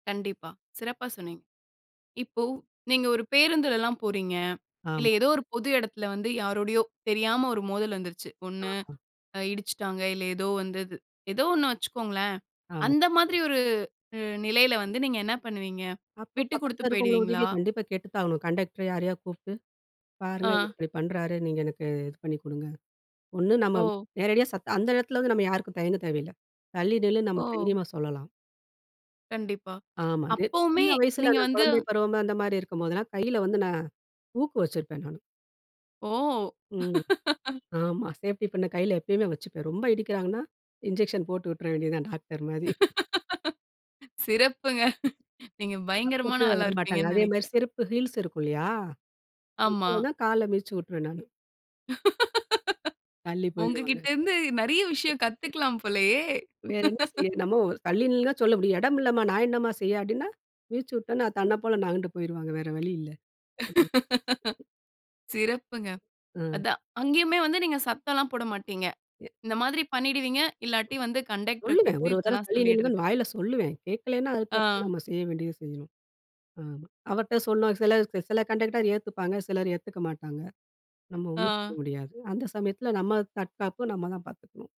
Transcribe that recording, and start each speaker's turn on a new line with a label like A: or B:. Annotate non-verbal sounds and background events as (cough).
A: கண்டிப்பா, சிறப்பா சொன்னீங்க. இப்போ, நீங்க ஒரு பேருந்துலலாம் போறீங்க இல்லை
B: ஆமா.
A: ஏதோ ஒரு பொது இடத்துல வந்து, யாரோடையோ, தெரியாம ஒரு மோதல் வந்துருச்சு. ஒண்ணு
B: ஆமா.
A: அ இடிச்சுட்டாங்க, இல்ல ஏதோ வந்தது. ஏதோ ஒண்ணு வச்சுக்கோங்களேன்.
B: ஆமா.
A: அந்த மாதிரி ஒரு உ நிலையில வந்து நீங்க என்ன பண்ணுவீங்க?
B: அப்போ
A: விட்டு குடுத்து
B: பக்கத்தில இருக்கவங்க
A: போயிடுவீங்களா?
B: உதவிய கண்டிப்பா கேட்டு தான் ஆவணும். கண்டெக்டர் யாரையாவது கூப்ட்டு, "பாருங்க, இவரு
A: ஆ,
B: இப்டி பண்ணுறாரு. நீங்க எனக்கு இது பண்ணி கொடுங்க" ஒண்ணு நம்ம
A: ஓ!
B: நேரடியா சத் அந்த எடத்துல வந்து நம்ம யாருக்கும் தயங்க தேவையில்லை. தள்ளி நில்லுன்னு நம்ம
A: ஓ!
B: தைரியமா சொல்லலாம்.
A: கண்டிப்பா.
B: ஆமாங்க.
A: அப்பவுமே
B: சின்ன வயசில
A: நீங்க
B: நான்
A: வந்து
B: குழந்தை பருவம் அந்த மாரி இருக்கும்போதுலாம், கையில வந்து நான் ஊக்கு வச்சிருப்பேன் நானு,
A: ஓ!
B: ம்,
A: (laughs)
B: ஆமா. சேஃப்டி பின்ன கையில எப்பயுமே வச்சுப்பேன். ரொம்ப இடிக்கிறாங்கன்னா, (chuckles) இன்ஜெக்ஷன் போட்டு விட்டுற வேண்டியதுதான் டாக்டர் மாதிரி.
A: (laughs) சிறப்புங்க. நீங்க பயங்கரமான
B: பக்கத்துலயே
A: ஆளா
B: வர மாட்டாங்க.
A: இருப்பீர்ங்கன்னு
B: அதே மாரி
A: நினைக்கிறேன்.
B: செருப்பு, ஹீல்ஸ் இருக்கு இல்லையா?
A: ஆமா.
B: (unintelligible) கால மிதிச்சு விட்டுருவேன் நானு,
A: (laughs)
B: தள்ளி போய்டுவாங்க.
A: உங்ககிட்ட இருந்து, நெறைய விஷயம்
B: (chuckles)
A: கத்துக்கலாம் போலயே!
B: வேற என்ன செய்ய? நம்ம ஒ தள்ளி நின்னுன்னு தான் சொல்ல முடியும். எடம் இல்லம்மா! நான் என்னம்மா செய்ய? அப்டின்னா, வீச்சு உட்டோன்னே தன்ன போல நகண்டு போய்ருவாங்க. வேற வழி இல்ல. (unintelligible)
A: (laughs) சிறப்புங்க.
B: ம்.
A: அதான். அங்கேயுமே வந்து நீங்க சத்தம்லாம் போட மாட்டீங்க.
B: எ,
A: இந்த மாதிரி பண்ணிடுவீங்க. இல்லாட்டி வந்து கண்டக்டர
B: சொல்லுவேன்
A: கூப்ட்டு,
B: ஒரு ஒரு தரவை
A: இப்பெலாம்
B: தள்ளி
A: சொல்லிடுறது.
B: நில்லுங்கன்னு வாயில சொல்லுவேன். கேக்கலன்னா, அதுக்கடுத்து
A: ஆ.
B: நம்ம செய்ய வேண்டியது செய்யணும் ஆமா. அவர்ட்ட சொன்னா சில சில கண்டெக்டர் அத ஏத்துப்பாங்க. சிலர் ஏத்துக்க மாட்டாங்க. நம்ம
A: ஆ.
B: ஒண்ணும் செய்ய முடியாது அந்த சமயத்தில, நம்ம தற்காப்பு நம்ம தான் பாத்துக்கணும்.